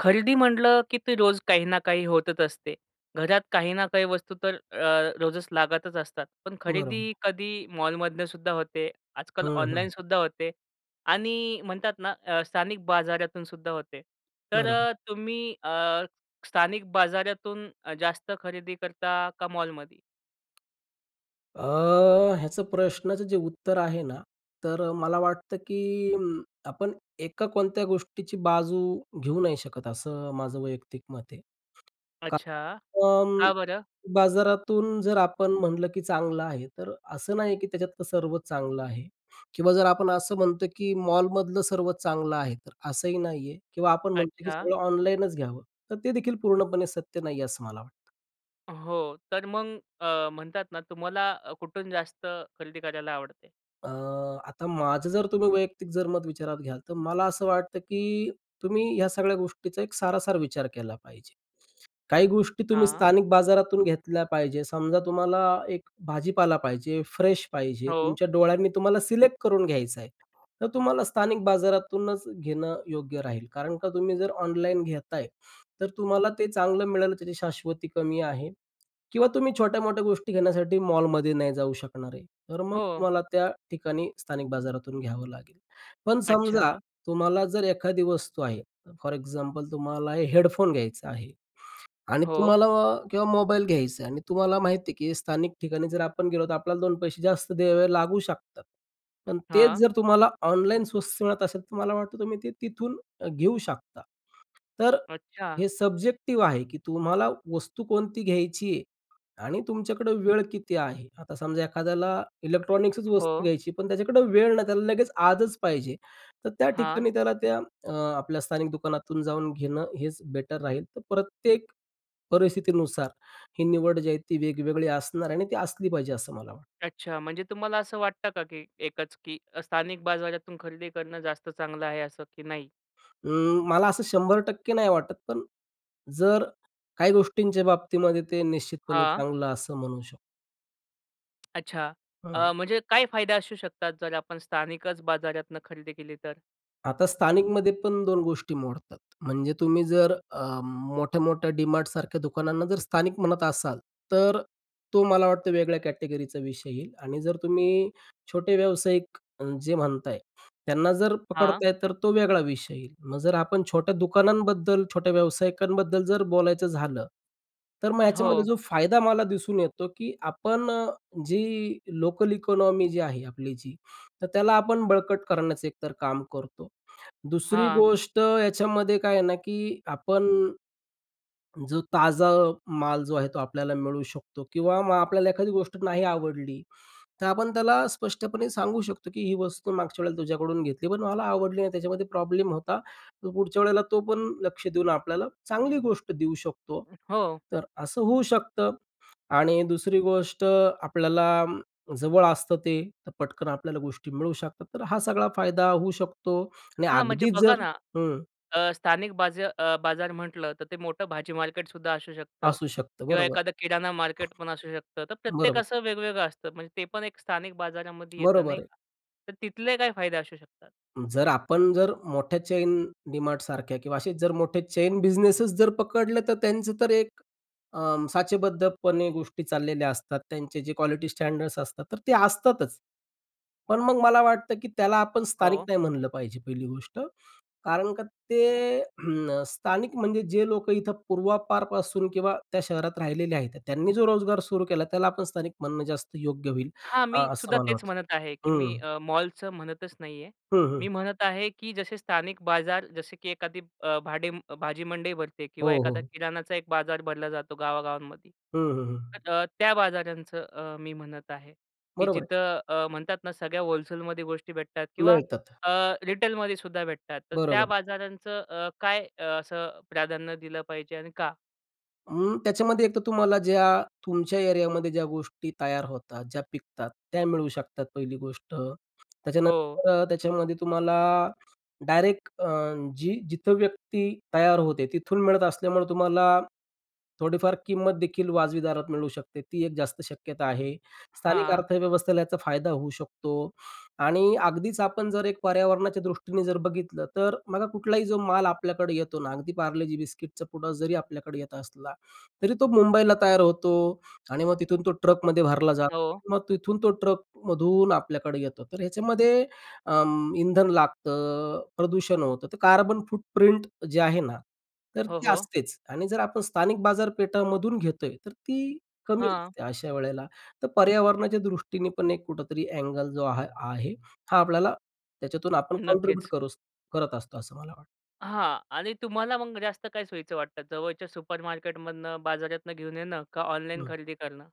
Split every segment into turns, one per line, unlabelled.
खरेदी म्हटलं, की ते रोज काही ना काही होतच असते. घरात काही ना काही वस्तू तर अ, रोजच लागतच असतात. पण खरेदी
बरोबर.
कधी मॉलमधनंसुद्धा होते. आजकाल
हं, हं.
ऑनलाईनसुद्धा होते आणि म्हणतात ना अ, स्थानिक बाजारातूनसुद्धा होते तर
बरोबर.
अ, तुम्ही अ, स्थानिक बाजारातून जास्त खरेदी करता का मॉलमध्ये?
अ, ह्याचं प्रश्नाचं जे उत्तर आहे ना, तर मला वाटतं, की आपण एका कोणत्या गोष्टीची बाजू घेऊ नाही शकत, असं माझं वैयक्तिक मत आहे.
अच्छा.
कारण
का बरं?
बाजारातून जर आपण म्हटलं, की चांगलं आहे, तर असं नाही आहे की त्याच्यातलं सर्व चांगलं आहे किंवा जर आपण असं म्हणतो, की मॉलमधलं सर्व चांगलं आहे, तर असंही नाही आहे किंवा आपण म्हणतो की
अच्छा.
सगळं ऑनलाईनच घ्यावं, तर ते देखील पूर्णपणे सत्य नाही आहे असं मला वाटतं.
हो. तर मग अ, म्हणतात ना तुम्हाला कुठून जास्त खरेदी करायला आवडते?
अ, आता माझं जर तुम्ही वैयक्तिक जर मत विचारात घ्याल तर मला असं वाटतं, की तुम्ही ह्या सगळ्या गोष्टींचा एक सारासार विचार केला पाहिजे. काही गोष्टी तुम्ही
हां.
स्थानिक बाजारातून घेतल्या पाहिजे. समजा तुम्हाला एक भाजीपाला पाहिजे, फ्रेश पाहिजे,
हो.
तुमच्या डोळ्यांनी तुम्हाला सिलेक्ट करून घ्यायचं आहे. तर तुम्हाला स्थानिक बाजारातूनच घेणं योग्य राहील. कारण का तुम्ही जर ऑनलाईन घेत आहे, तर तुम्हाला ते चांगलं मिळालं त्याची शाश्वती कमी आहे किंवा तुम्ही छोट्या-मोठ्या गोष्टी घेण्यासाठी मॉलमध्ये नाही जाऊ शकणार आहे. तर मग
हो.
तुम्हाला त्या ठिकाणी स्थानिक बाजारातून घ्यावं लागेल. पण समजा
अच्छा!
तुम्हाला जर एखादी वस्तू आहे, फॉर एक्झाम्पल तुम्हाला हेडफोन घ्यायचा आहे आणि
हो.
तुम्हाला किंवा मोबाईल घ्यायचं आहे आणि तुम्हाला माहिती आहे, की स्थानिक ठिकाणी जर आपण गेलो, तर आपल्याला दोन पैसे जास्त द्यावे लागू शकतात. पण तेच
हां.
जर तुम्हाला ऑनलाईन स्वस्त मिळत असेल, तर मला वाटतं तुम्ही ते तिथून घेऊ शकता तर अ,
अच्छा.
हे सब्जेक्टिव्ह आहे, की तुम्हाला वस्तू कोणती घ्यायची आहे आणि तुमच्याकडे वेळ किती आहे. आता समजा एखाद्याला इलेक्ट्रॉनिक्सच वस्तू
हो.
घ्यायची पण त्याच्याकडं वेळ नाही, त्याला लगेच आजच पाहिजे, तर त्या
हां.
ठिकाणी त्याला त्या अ, आपल्या स्थानिक दुकानातून जाऊन घेणं हेच बेटर राहील. तर प्रत्येक परिस्थितीनुसार ही निवड जी आहे ती वेगवेगळी असणार आणि ती असली पाहिजे असं मला वाटतं.
अच्छा. म्हणजे तुम्हाला असं वाटतं का, की एकच की स्थानिक बाजारातून खरेदी करणं जास्त चांगलं आहे असं की नाही?
अ, मला असं 100% नाही वाटत पण जर काही गोष्टींच्या बाबतीमध्ये ते निश्चितपणे
हां.
चांगलं असं म्हणू शकतो.
अच्छा.
हां.
अ, म्हणजे काय फायदे असू शकतात जर आपण स्थानिकच बाजारातनं खरेदी केली तर?
आता स्थानिकमध्ये पण 2 गोष्टी मोडतात. म्हणजे तुम्ही जर अ, मोठ्या-मोठ्या DMartसारख्या दुकानांना जर स्थानिक म्हणत असाल, तर तो मला वाटतं वेगळ्या कॅटेगरी चा विषय येईल आणि जर तुम्ही छोटे व्यावसायिक अ, जे म्हणताय त्यांना जर
हां.
पकडताय तर तो वेगळा विषय येईल. मग जर आपण छोट्या दुकानांबद्दल छोट्या व्यावसायिकांबद्दल जर बोलायचं झालं तर मग ह्याच्यामध्ये
हो.
जो फायदा मला दिसून येतो की आपण जी लोकल इकॉनॉमी जी आहे आपली जी तर त्याला आपण बळकट करण्याचं एकतर काम करतो. दुसरी
हां.
गोष्ट याच्यामध्ये काय आहे ना, की आपण जो ताजा माल जो आहे तो आपल्याला मिळू शकतो किंवा मग आपल्याला एखादी गोष्ट नाही आवडली तर आपण त्याला स्पष्टपणे सांगू शकतो, की "ही वस्तू मागच्या वेळेला तुझ्याकडून घेतली पण मला आवडली नाही त्याच्यामध्ये प्रॉब्लेम होता." तर पुढच्या वेळेला तो पण लक्ष देऊन आपल्याला चांगली गोष्ट देऊ शकतो.
[unintelligible] हो.
तर असं होऊ शकतं आणि दुसरी गोष्ट आपल्याला जवळ असतं ते तर पटकन आपल्याला गोष्टी मिळू शकतात. तर हा सगळा फायदा होऊ शकतो आणि
हां, म्हणजे
अगदीच
बघा
जर
ना,
हं.
अ, स्थानिक बाज अ, बाजार म्हटलं, तर ते मोठं भाजी मार्केट सुद्धा असू शकतं.
असू शकतं,
किंवा
बरोबर.
एखादं किराणा मार्केट पण असू शकतं. तर
बरोबर.
प्रत्येकाचं वेगवेगळं असतं म्हणजे ते पण एक स्थानिक बाजारामध्ये येतं, नाही
बरोबर आहे.
का. तर तिथले काय फायदे असू शकतात?
जर आपण जर मोठ्या चेन DMartसारख्या किंवा असे मोठे चेन बिझनेस जर पकडले, तर त्यांचं तर एक अ, साचेबद्धपणे गोष्टी चाललेल्या असतात. त्यांचे जे क्वालिटी स्टँडर्ड्स असतात, तर ते असतातच. पण मग मला वाटतं, की त्याला आपण स्थानिक
हो.
नाही म्हणलं पाहिजे, पहिली गोष्ट. कारण का ते स्थानिक म्हणजे जे लोकं इथं पूर्वापारपासून किंवा त्या शहरात राहिलेले आहेत. त्यांनी जो रोजगार सुरू केला, त्याला आपण स्थानिक म्हणणं जास्त योग्य होईल,
हां,
अ,
मी
असं
सुद्धा
मला
तेच
वाटतं.
म्हणत आहे, की मी
हं.
अ, मॉलचं म्हणतच नाही आहे.
हं,
मी
हं.
म्हणत आहे, की जसे स्थानिक बाजार, जसे की एखादी अ, भाडे भाजीमंडई भरते
हो,
किंवा एखादा
हो.
किराणाचा एक बाजार भरला जातो गावागावांमध्ये.
हं, हं, हं.
तर अ, त्या बाजारांचं मी अ, म्हणत आहे, की
बरोबर आहे.
जिथं अ, म्हणतात ना, सगळ्या व्होलसेल मध्ये गोष्टी भेटतात किंवा
मिळतात.
अ, रिटेल मध्ये सुद्धा भेटतात. तर त्या
बरोबर.
बाजारांचं अ, काय अ, असं प्राधान्य दिलं पाहिजे आणि का?
अं, त्याच्यामध्ये एक तर तुम्हाला ज्या, तुमच्या एरियामध्ये ज्या गोष्टी तयार होतात, ज्या पिकतात, त्या मिळू शकतात पहिली गोष्ट,
हो.
त्याच्यानंतर त्याच्यामध्ये तुम्हाला, डायरेक्ट अ, जी जिथं व्यक्ती तयार होते तिथून मिळत असल्यामुळं तुम्हाला, थोडीफार किंमत देखील वाजवी दारात मिळू शकते, ती एक जास्त शक्यता आहे. स्थानिक
हां.
अर्थव्यवस्थेला याचा फायदा होऊ शकतो. आणि अगदीच आपण जर एक पर्यावरणाच्या दृष्टीने जर बघितलं. तर अ, बघा कुठलाही जो माल आपल्याकडे येतो ना, अगदी पार्लेजी बिस्किटचं पुडा जरी आपल्याकडे येत असला, तरी तो मुंबईला तयार होतो. आणि मग तिथून तो ट्रकमध्ये भरला जा
हो.
मग तिथून तो ट्रकमधून आपल्याकडे येतो, तर ह्याच्यामध्ये अं, इंधन लागतं, प्रदूषण होतं तर कार्बन फुट प्रिंट जे आहे ना, तर
हो,
ती
हो.
असतेच आणि जर आपण स्थानिक बाजारपेठामधून घेतोय, तर ती कमी
हां.
असते अशावेळेला. तर पर्यावरणाच्या दृष्टीने पण एक कुठेतरी ऐंगल जो हा आहे, हा आपल्याला, त्याच्यातून आपण कॉन्ट्रिब्यूट
नक्कीच.
करू करत असतो, असं मला वाट
हां. आणि तुम्हाला मग जास्त काय सोयीचं वाटतं? जवळच्या सुपरमार्केटमधनं बाजारातनं घेऊन येणं. का ऑनलाईन
हं.
खरेदी करणं?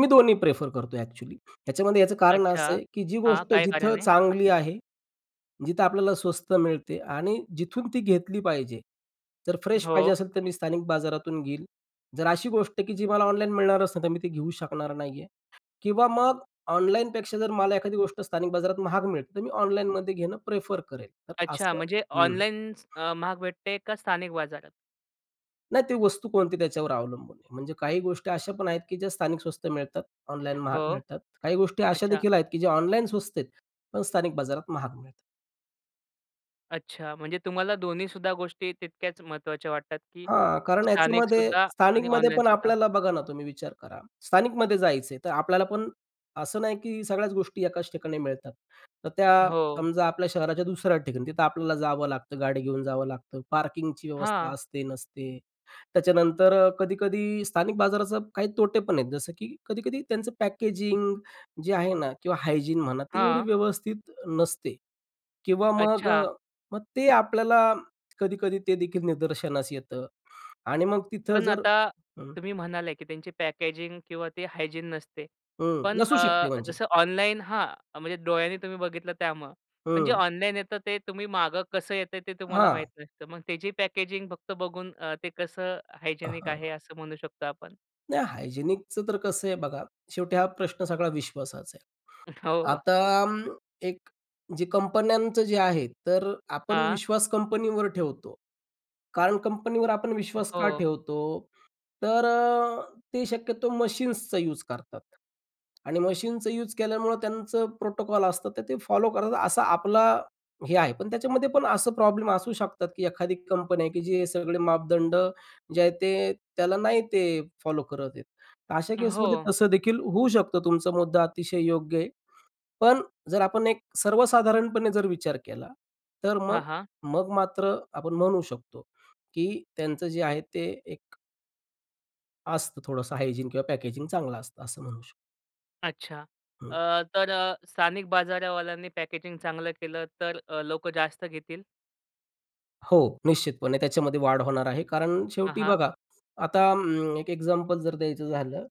मी दोन्ही प्रेफर करतोय अ‍ॅक्च्युअली ह्याच्यामध्ये. याचं कारण असं
अच्छा.
आहे, की जी
हां.
गोष्ट
काय
जिथं
कारण आहे?
चांगली आहे, जिथं आपल्याला स्वस्त मिळते आणि जिथून ती घेतली पाहिजे. जर फ्रेश पाहिजे
हो.
असेल तर मी स्थानिक बाजारातून घेईल. जर अशी गोष्ट आहे, की जी मला ऑनलाईन मिळणार असेल, तर मी ती घेऊ शकणार नाही आहे. किंवा मग ऑनलाईनपेक्षा जर मला एखादी गोष्ट स्थानिक बाजारात महाग मिळते, तर मी ऑनलाईनमध्ये घेणं प्रेफर करेल. तर
अच्छा.
असं
म्हणजे
हं.
ऑनलाईनच महाग भेटते, का स्थानिक बाजारात?
नाही, ती वस्तू कोणती, त्याच्यावर अवलंबून आहे. म्हणजे काही गोष्टी अशा पण आहेत की ज्या स्थानिक स्वस्त मिळतात, ऑनलाईन महाग
हो,
मिळतात. काही गोष्टी अशा
अच्छा.
देखील आहेत की, ज्या ऑनलाईन स्वस्त आहेत, पण स्थानिक बाजारात महाग मिळतात.
अच्छा! म्हणजे तुम्हाला दोन्हीसुद्धा गोष्टी तितक्याच महत्त्वाच्या वाटतात, की
हां, कारण याच्यामध्ये,
स्थानिकसुद्धा आणि
स्थानिकमध्ये पण
ऑनलाईनसुद्धा?
आपल्याला, बघा ना, तुम्ही विचार करा, स्थानिकमध्ये जायचं आहे, तर आपल्याला पण असं नाही की सगळ्याच गोष्टी एकाच ठिकाणी मिळतात. तर त्या
हो.
समजा, आपल्या शहराच्या दुसऱ्या ठिकाणी, तिथं आपल्याला जावं लागतं, गाडी घेऊन जावं लागतं, पार्किंगची व्यवस्था
हां.
असते, नसते. त्याच्यानंतर कधी-कधी, स्थानिक बाजाराचं काही तोटेपण आहेत, जसं की कधी-कधी त्यांचं पॅकेजिंग जे आहे ना, किंवा हायजीन, म्हणा, ते एवढी
हां.
व्यवस्थित नसते. किंवा मग,
अच्छा.
मग ते आपल्याला कधी-कधी ते देखील निदर्शनास येतं आणि मग तिथं,
पण
जर
आता
हं.
तुम्ही म्हणाले की त्यांची पॅकेजिंग किंवा ते हायजीन नसते.
हं,
पण
नसू
अ,
शकते म्हणजे.
जसं ऑनलाईन हां म्हणजे, डोळ्यांनी तुम्ही बघितलं, त्यामुळे पण जे
हं.
ऑनलाईन येतं, ते तुम्ही मागं कसं येतंय ते तुम्हाला
हां.
माहीत नसतं. मग त्याची पॅकेजिंग फक्त बघून, अ, ते कसं
अ,
हायजेनिक
हं.
आहे असं म्हणू शकतो आपण?
नाही, हायजीनिकचं तर कसं आहे बघा, शेवटी हा प्रश्न सगळा विश्वासाच आहे.
हो.
आता अं, एक जे कंपन्यांचं जे आहे, तर आपण
हां.
विश्वास कंपनीवर ठेवतो. कारण कंपनीवर आपण विश्वास का
हो.
ठेवतो? तर अ, ते शक्यतो मशीन्सचा यूज करतात आणि मशीनचं यूज केल्यामुळं त्यांचं प्रोटोकॉल असतं, तर ते फॉलो करतात असा आपला हे आहे. पण त्याच्यामध्ये पण असं प्रॉब्लेम असू शकतात, की एखादी कंपन्या आहे, की जे हे सगळे मापदंड जे आहेत, ते त्याला नाही ते फॉलो करत आहेत. तर अशा केसमध्ये
हो.
तसं देखील होऊ शकतं, तुमचा मुद्दा अतिशय योग्य आहे. पण जर आपण एक सर्वसाधारणपणे जर विचार केला तर
हां,
मग
हां.
मग मात्र आपण म्हणू शकतो की त्यांचं जे आहे ते एक असतं थोडंसं हायजीन किंवा पॅकेजिंग चांगलं असतं असं म्हणू शकतो.
अच्छा. अ,
हं.
तर अ, स्थानिक बाजारावाल्यांनी पॅकेजिंग चांगलं केलं, तर अ, लोकं जास्त घेतील?
हो, निश्चितपणे, त्याच्यामध्ये वाढ होणार आहे, कारण
हां,
शेवटी
हां.
बघा, आता अं, एक एक्झाम्पल जर द्यायचं झालं,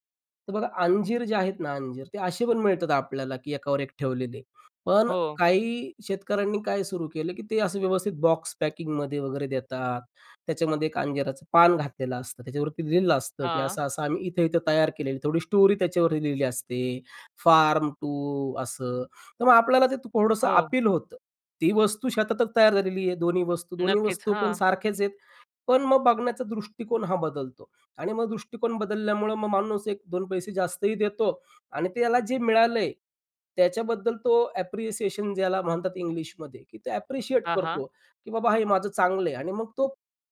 तर बघा, अंजीर जे आहेत ना अंजीर, ते असे पण मिळतात आपल्याला, की एकावर एक ठेवलेले. पण अ,
हो.
काही शेतकऱ्यांनी काय सुरू केलं, की ते असं व्यवस्थित बॉक्स पॅकिंगमध्ये वगैरे देतात. त्याच्यामध्ये एक अंजिराचं पान घातलेलं असतं. त्याच्यावरती लिहिलं असतं, की
हां.
असं-असं आम्ही इथं-इथं तयार केलेलं, थोडी स्टोरी त्याच्यावरती लिहिली असते. फार्म टू असं. तर मग आपल्याला ते थोडंसं
हो.
अपील होतं. ती वस्तू शेतातच तयार झालेली आहे दोन्ही वस्तू. दोन्ही
नक्कीच.
वस्तू पण
हां.
सारख्याच आहेत. पण मग बघण्याचा दृष्टिकोन हा बदलतो आणि मग दृष्टिकोन बदलल्यामुळं मग माणूस एक दोन पैसे जास्तही देतो आणि त्याला जे मिळालंय त्याच्याबद्दल तो ॲप्रिसिएशन ज्याला म्हणतात इंग्लिशमध्ये, की तो ॲप्रिशिएट
हां, हां.
करतो, की "बाबा हे माझं चांगलं आहे" आणि मग तो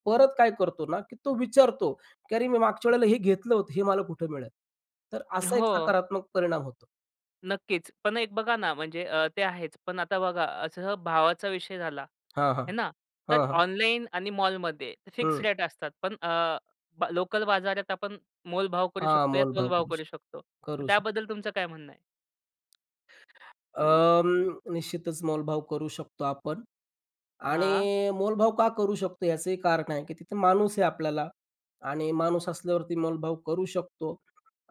परत काय करतो ना, की तो विचारतो, की "अरे, मी मागच्या वेळेला हे घेतलं होतं, हे मला कुठं मिळल?" तर असा एक
हो.
सकारात्मक परिणाम होतो.
नक्कीच. पण एक बघा ना, म्हणजे अ, ते आहेच. पण आता बघा असं भावाचा विषय झाला,
हां, हां,
हे ना? तर
हां, हां.
ऑनलाईन आणि मॉलमध्ये फिक्स
हं.
रेट असतात पण अ, ब लोकल बाजारात आपण मोलभाव करू
हां,
शकतो या
मोलभाव
तोलभाव
करू
करू
शकतो,
शकतो. तर
करू शकतो.
त्याबद्दल तुमचं काय म्हणणं आहे?
अं, निश्चितच मोलभाव करू शकतो आपण आणि
हां.
मोलभाव का करू शकतो याचं कारण आहे, की तिथं माणूस आहे आपल्याला आणि माणूस असल्यावरती मोलभाव करू शकतो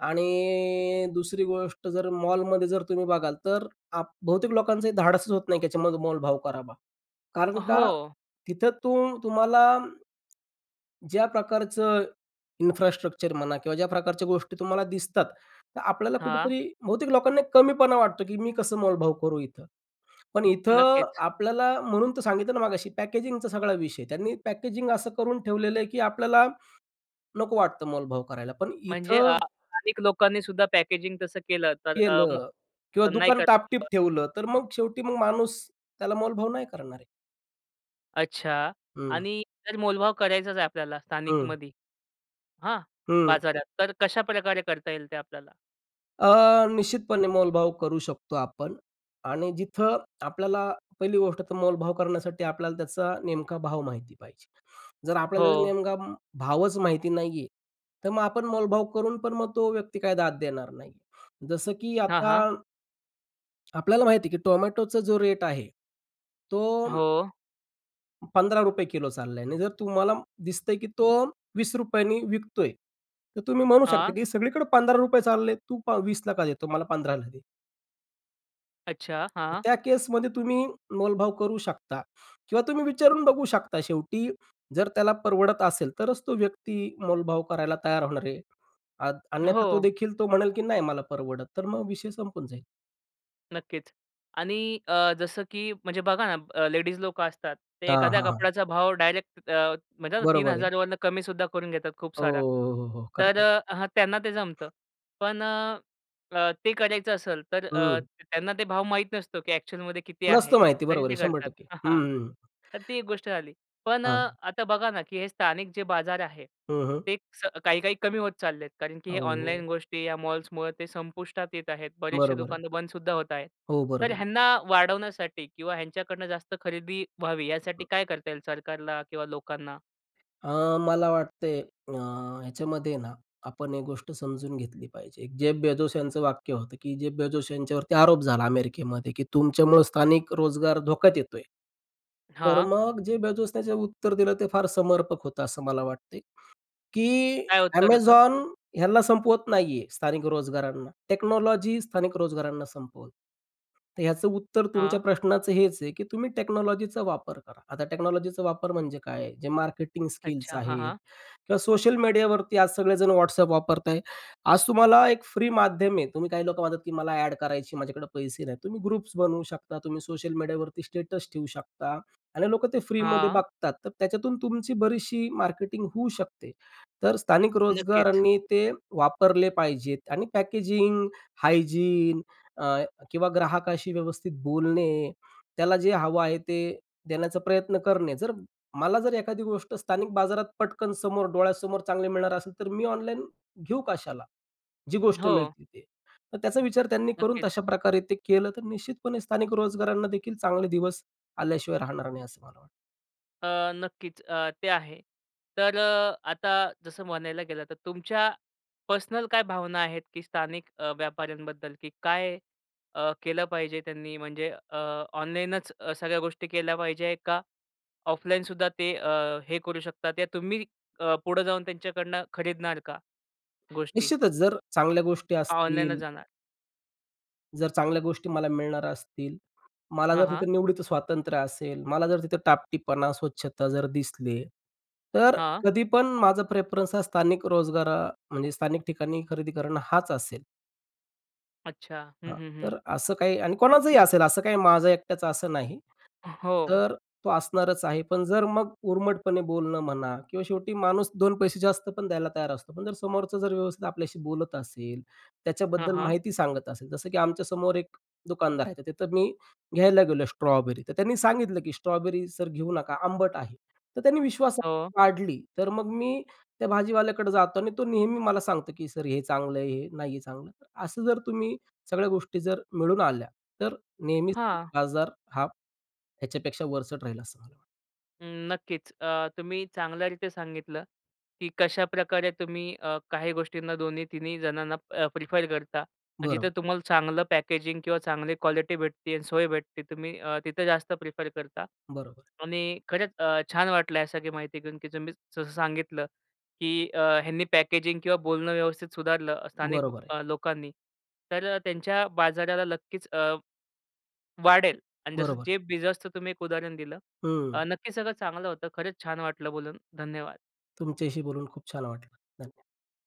आणि दुसरी गोष्ट जर मॉलमध्ये जर तुम्ही बघाल तर आप बहुतेक लोकांचं धाडसच होत नाही त्याच्यामध्ये मोलभाव करावा. कारण का
हो.
तिथं तुम तुम्हाला ज्या प्रकारचं इन्फ्रास्ट्रक्चर म्हणा किंवा ज्या प्रकारच्या गोष्टी तुम्हाला दिसतात तर आपल्याला
हां.
कुठेतरी बहुतेक लोकांना कमीपणा वाटतो, की मी कसं मोलभाव करू इथं? पण इथं
नक्कीच.
आपल्याला म्हणून तर सांगितलं ना मगाशी पॅकेजिंग चा सगळा विषय आहे. त्यांनी पॅकेजिंग असं करून ठेवलेलं आहे की आपल्याला, नको वाटतं मोलभाव करायला. पण
म्हणजे अ,
इथं
स्थानिक लोकांनीसुद्धा पॅकेजिंग तसं केलं तर अ,
केलं
[unintelligible]
किंवा
नाही
दुकान
कर
टाप-टीप
[unintelligible]
ठेवलं, तर मग शेवटी मग माणूस त्याला मोलभाव नाही करणार आहे.
अच्छा
हं.
आणि जर मोलभाव करायचाच आहे आपल्याला
हं.
स्थानिकमध्ये, हां?
हं.
बाजारात. तर कशाप्रकारे करता येईल ते आपल्याला?
अ, निश्चितपणे मोलभाव करू शकतो आपण आणि जिथं आपल्याला पहिली गोष्ट तर मोलभाव करण्यासाठी आपल्याला त्याचा नेमका भाव माहिती पाहिजे. जर आपल्याला त्याचा
हो.
नेमका भावच माहिती नाहीये, तर मग आपण मोलभाव करून पण मग तो व्यक्ती काय दाद देणार नाही. जसं की
हां,
आता
हां.
आपल्याला माहिती आहे की टोमॅटोचा जो रेट आहे तो
हो.
₹15 किलो चाललाय आणि जर तुम्हाला दिसतंय की तो ₹20नी विकतोय, तर तुम्ही म्हणू
हां.
शकता की सगळीकडे ₹15 चालले आहेत, तू पा 20ला का देतो मला 15ला दे.
अच्छा.
तर
हां.
त्या केसमध्ये तुम्ही मोलभाव करू शकता किंवा तुम्ही विचारून बघू शकता. शेवटी जर त्याला परवडत असेल, तरच तो व्यक्ती मोलभाव करायला तयार होणार आहे. अद अन्यथा तो
हो.
देखील तो म्हणेल की "नाही मला परवडत." तर मग विषय संपून जाईल.
नक्कीच आणि अ, जसं की म्हणजे बघा ना अ, लेडीज लोकं असतात ते
हां,
एखाद्या
हां, हां.
कपड्याचा भाव डायरेक्ट अ, म्हणतात ना तीन
बरोबर आहे.
हजार वरून कमी सुद्धा करून घेतात खूप
हो,
सारा.
हो, हो,
तर
करतात.
अ, ह त्यांना ते जमतं. पण अ, ते करायचं असेल तर अ,
हं.
त्यांना ते भाव माहीत नसतो की ॲक्चुअलमध्ये किती
नसतं
आहे,
माहिती
तरी
बरोबर आहे,
ते
शंभर
करतात.
टक्के
अ, हां,
हं, हं.
तर ती एक गोष्ट झाली. पण अ,
हां.
आता बघा ना की हे स्थानिक जे बाजार आहे,
हं, हं.
ते च काही-काही कमी होत चालले आहेत कारण की
अ,
हे
हो, हो.
ऑनलाईन गोष्टी या मॉल्समुळं ते संपुष्टात येत आहेत. बरेचसे
बरोबर आहे.
दुकान तर बंदसुद्धा होत आहेत.
हो,
तर
बरोबर.
ह्यांना वाढवण्यासाठी किंवा ह्यांच्याकडनं जास्त खरेदी व्हावी यासाठी काय करता येईल, सरकारला किंवा लोकांना?
अ, मला वाटतंय अ, ह्याच्यामध्ये ना, आपण एक गोष्ट समजून घेतली पाहिजे. जेफ बेजोस यांचं वाक्य होतं की जेफ बेजोस यांच्यावरती आरोप झाला अमेरिकेमध्ये, की "तुमच्यामुळं स्थानिक रोजगार धोक्यात येतोय." तर
हां.
मग जे बाजूने जे उत्तर दिलं ते फार समर्पक होतं असं मला वाटतंय. की
काय उत्तर होतं?
Amazon ह्याला संपवत नाहीये, स्थानिक रोजगारांना. टेक्नॉलॉजी स्थानिक रोजगारांना संपवत. तर ह्याचं उत्तर तुमच्या
हां.
प्रश्नाचं हेच आहे की तुम्ही टेक्नॉलॉजीचा वापर करा. आता टेक्नॉलॉजीचा वापर म्हणजे काय? जे मार्केटिंग स्किल्स
अच्छा. हां,
आहेत
हां.
किंवा सोशल मीडियावरती आज सगळे जण WhatsApp वापरतायत. आज तुम्हाला एक फ्री माध्यम आहे. तुम्ही काही लोकं म्हणतात की मला ॲड करायची, माझ्याकडे पैसे नाहीत. तुम्ही ग्रुप्स बनवू शकता, तुम्ही सोशल मीडियावरती स्टेटस ठेवू शकता आणि लोकं ते फ्री मध्ये
हां.
बघतात त्याच्यातून तुमची बरीचशी मार्केटिंग होऊ शकते. तर स्थानिक
नक्कीच.
रोजगारांनी ते वापरले पाहिजेत आणि पॅकेजिंग, हायजीन अ, किंवा ग्राहकाशी व्यवस्थित बोलणे. त्याला जे हवं आहे, ते देण्याचा प्रयत्न करणे. जर मला जर एखादी गोष्ट स्थानिक बाजारात पटकन समोर डोळ्यासमोर चांगले मिळणार असेल तर मी ऑनलाईन घेऊ कशाला? जी गोष्ट
हो.
मिळतील ते. तर त्याचा विचार त्यांनी करून
नक्कीच.
तशाप्रकारे ते केलं तर निश्चितपणे स्थानिक रोजगारांना देखील चांगले दिवस आल्याशिवाय राहणार नाही, असं मला वाटतं.
अ, नक्कीच. अ, ते आहे तर आता जसं म्हणायला गेलं तर तुमच्या पर्सनल काय भावना आहेत, की स्थानिक अ, व्यापाऱ्यांबद्दल की काय अ, केलं पाहिजे त्यांनी म्हणजे अ, ऑनलाईनच सगळ्या गोष्टी केल्या पाहिजे का ऑफलाईनसुद्धा ते अ, हे करू शकतात या तुम्ही अ, पुढं जाऊन त्यांच्याकडनं खरीदणार का गोष्टी?
निश्चितच जर चांगल्या गोष्टी
ऑनलाइनच
असतील
जाणार?
जर चांगल्या गोष्टी मला मिळणार असतील, मला
हां,
जर
हां.
तिथं निवडीत स्वातंत्र्य असेल, मला जर तिथं टापटीपणा, स्वच्छता जर दिसले, तर
हां.
कधी पण माझा प्रेफरन्स हा स्थानिक रोजगार म्हणजे स्थानिक ठिकाणी खरेदी करणं हाच असेल.
अच्छा. हं,
हां,
हं, हं.
तर असं काही आणि कोणाचंही असेल असं काही माझं एकट्याच असं नाही.
हो.
तर तो असणारच आहे. पण जर मग उर्मटपणे बोलणं म्हणा किंवा शेवटी माणूस 2 पैसे जास्त पण द्यायला तयार असतो, पण जर समोरचं जर व्यवस्थित आपल्याशी बोलत असेल,
हां,
त्याच्याबद्दल
हां.
माहिती सांगत असेल. जसं की आमच्यासमोर एक दुकानदार आहे, तर तिथं मी घ्यायला गेलो स्ट्रॉबेरी, तर त्यांनी सांगितलं, की "स्ट्रॉबेरी सर घेऊ नका आंबट आहे." तर त्यांनी
हो.
विश्वासहार्ता वाढली, तर मग मी त्या भाजीवाल्याकडं जातो आणि तो नेहमी मला सांगतो, की "सर हे चांगलं आहे, हे नाही आहे चांगलं." असं जर तुम्ही सगळ्या गोष्टी जर मिळून आल्या, तर नेहमीच
हां.
बाजार हा ह्याच्यापेक्षा वरचढ राहील असं मला वाटतं.
अं, नक्कीच. अ, तुम्ही चांगल्यारीती सांगितलं, की कशाप्रकारे तुम्ही अ, काही गोष्टींना दोन्ही, तिन्ही जणांना अ, प्रिफर करता आणि जिथं
बरोबर.
तुम्हाला चांगलं पॅकेजिंग किंवा चांगली क्वालिटी भेटते आणि सोय भेटते तुम्ही अ, तिथं जास्त प्रिफर करता
बरोबर.
आणि खरंच अ, छान वाटलं ह्या सगळी माहिती घेऊन, की तुम्ही जसं सांगितलं, की अ, ह्यांनी पॅकेजिंग किंवा बोलणं व्यवस्थित सुधारलं स्थानिक
बरोबर आहे.
लोकांनी तर त्यांच्या बाजाराला नक्कीच अ, वाढेल आणि जसं
बरोबर.
जे बीजच तुम्ही एक उदाहरण दिलं.
हं.
अ, नक्कीच सगळं चांगलं होतं. खरंच छान वाटलं बोलून, धन्यवाद.
तुमच्याशी बोलून खूप छान वाटलं. धन्य